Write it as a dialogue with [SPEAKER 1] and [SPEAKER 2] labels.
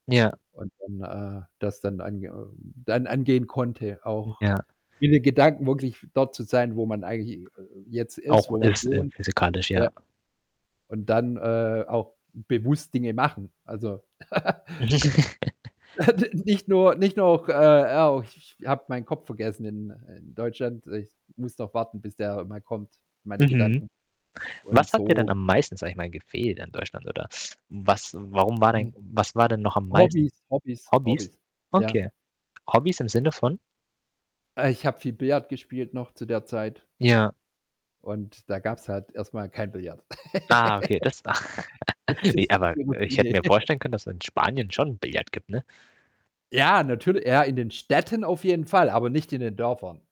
[SPEAKER 1] Ja.
[SPEAKER 2] Und dann, äh, das dann an ähm, dann angehen konnte,
[SPEAKER 1] Mm,
[SPEAKER 2] auch
[SPEAKER 1] ja.
[SPEAKER 2] in den Gedanken wirklich dort zu sein, wo man eigentlich j äh, äh, jetzt ist,
[SPEAKER 1] Auch
[SPEAKER 2] wo man
[SPEAKER 1] ist, in
[SPEAKER 2] wohnt.
[SPEAKER 1] physikalisch,
[SPEAKER 2] Ja.
[SPEAKER 1] ja.
[SPEAKER 2] Und dann, äh, auch bewusst Dinge machen. Also
[SPEAKER 1] Wa
[SPEAKER 2] nicht nur nicht noch, äh, auch ch ch ich habe meinen Kopf vergessen in, äh in Deutschland, ich muss noch warten, bis der mal kommt meine
[SPEAKER 1] Mhm.
[SPEAKER 2] Gedanken. Und
[SPEAKER 1] Was hat ihr denn
[SPEAKER 2] so
[SPEAKER 1] am meisten, sage ich mal, gefehlt an Deutschland oder was warum war dein
[SPEAKER 2] Mhm.
[SPEAKER 1] was war denn noch am meisten
[SPEAKER 2] Hobbys, Hobbys,
[SPEAKER 1] Hobbys?
[SPEAKER 2] Hobbys, ja.
[SPEAKER 1] Okay. Hobbys im Sinne von?
[SPEAKER 2] Äh, ich habe viel Billard gespielt noch zu der Zeit.
[SPEAKER 1] Ja.
[SPEAKER 2] Und da gab's halt erst mal kein Billard.
[SPEAKER 1] Ah, okay, das ach.
[SPEAKER 2] Das
[SPEAKER 1] Wie
[SPEAKER 2] ist.
[SPEAKER 1] aber ich hätte mir
[SPEAKER 2] [unintelligible]
[SPEAKER 1] vorstellen können, dass in Spanien schon Billard gibt, ne?
[SPEAKER 2] Ja, natürl ja in den Städten auf jeden Fall, aber nicht in den Dörfern.